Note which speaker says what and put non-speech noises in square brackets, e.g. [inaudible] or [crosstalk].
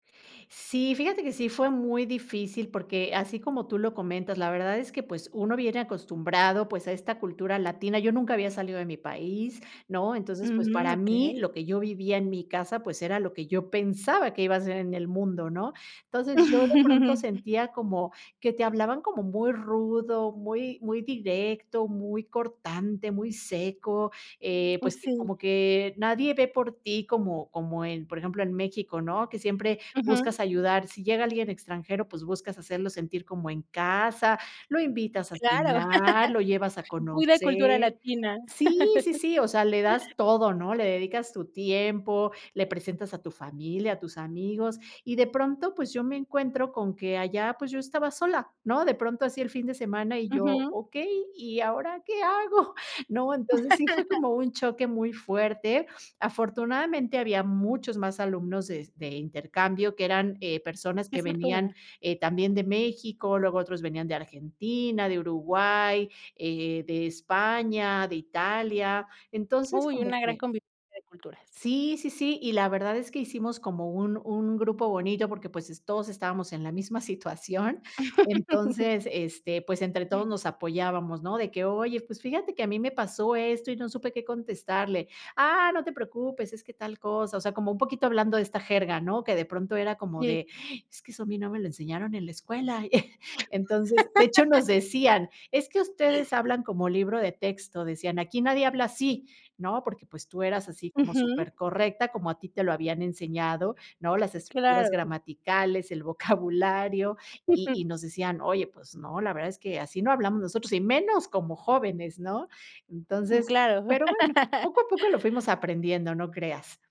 Speaker 1: Sí, fíjate que sí, fue muy difícil, porque, así como tú lo comentas, la verdad es que, pues, uno viene acostumbrado, pues a esta cultura latina. Yo nunca había salido de mi país, ¿no? Entonces, pues,
Speaker 2: Ujú,
Speaker 1: para mí,
Speaker 2: okey.
Speaker 1: lo que yo vivía en mi casa, pues, era lo que yo pensaba, que iba a ser en el mundo, ¿no? Entonces, yo de pronto
Speaker 2: [chuckles]
Speaker 1: sentía, como que te hablaban como muy rudo, muy muy directo, muy cortante, muy seco, eh,
Speaker 2: Oh,
Speaker 1: pues, que
Speaker 2: sí.
Speaker 1: como que nadie ve por ti, como como en, por ejemplo, en México, ¿no? Que siempre,
Speaker 2: Ujú.
Speaker 1: buscas ayudar. Si llega alguien extranjero, pues, buscas hacerlo sentir como en casa, lo invitas a
Speaker 2: Claro.
Speaker 1: cenar, lo llevas a
Speaker 2: [laughs] Pura cultura
Speaker 1: conocer.
Speaker 2: latina.
Speaker 1: Sí, sí,
Speaker 2: [laughs]
Speaker 1: sí, o sea, le das todo, ¿no? Le dedicas tu tiempo, le presentas a tu familia, a tus amigos, y de pronto, pues, yo me encuentro, con que allá, pues yo estaba sola, ¿no? De pronto así el fin de semana y yo:
Speaker 2: Ujú.
Speaker 1: "Okey, ¿y ahora, qué hago?" [chuckles] ¿No? Entonces sí, fue
Speaker 2: [laughs]
Speaker 1: como un choque muy fuerte. Afortunadamente, había muchos más alumnos de de intercambio, que eran, eh, personas
Speaker 2: Qué
Speaker 1: que venían,
Speaker 2: fortuna.
Speaker 1: eh, también de México, luego otros venían de Argentina, de Uruguay, eh, de España, de Italia. Entonces,
Speaker 2: Uy,
Speaker 1: como
Speaker 2: una gran
Speaker 1: que
Speaker 2: convivencia de culturas.
Speaker 1: Sí, sí, sí, y la verdad, es que hicimos como un un grupo bonito, porque, pues, es todos estábamos en la misma situación.
Speaker 2: [laughs]
Speaker 1: Entonces, este, pues, entre todos nos apoyábamos, ¿no? De que: "Oye, pues, fíjate que a mí me pasó esto, y no supe qué contestarle. Ah, no te preocupes, es que tal cosa". O sea, como un poquito hablando de esta jerga, ¿no? Que de pronto, era como
Speaker 2: Sí.
Speaker 1: de: "Es que eso, a mí no me lo enseñaron en la escuela". [chuckles] Entonces, de hecho, nos
Speaker 2: [laughs]
Speaker 1: decían: "Es que ustedes
Speaker 2: [gasps]
Speaker 1: hablan como libro de texto", decían: "aquí nadie habla así". ¿No? Porque, pues, tú eras así como
Speaker 2: Ujú.
Speaker 1: super correcta, como a ti te lo habían enseñado, ¿no? Las estructuras
Speaker 2: Claro.
Speaker 1: gramaticales, el [chuckles] vocabulario, y
Speaker 2: [chuckles]
Speaker 1: y nos decían: "Oye, pues no, la verdad, es que así no hablamos nosotros, y menos como jóvenes, ¿no?"
Speaker 2: Mm,
Speaker 1: Entonces,
Speaker 2: claro.
Speaker 1: pero bueno,
Speaker 2: [laughs]
Speaker 1: poco a poco lo fuimos aprendiendo, no creas.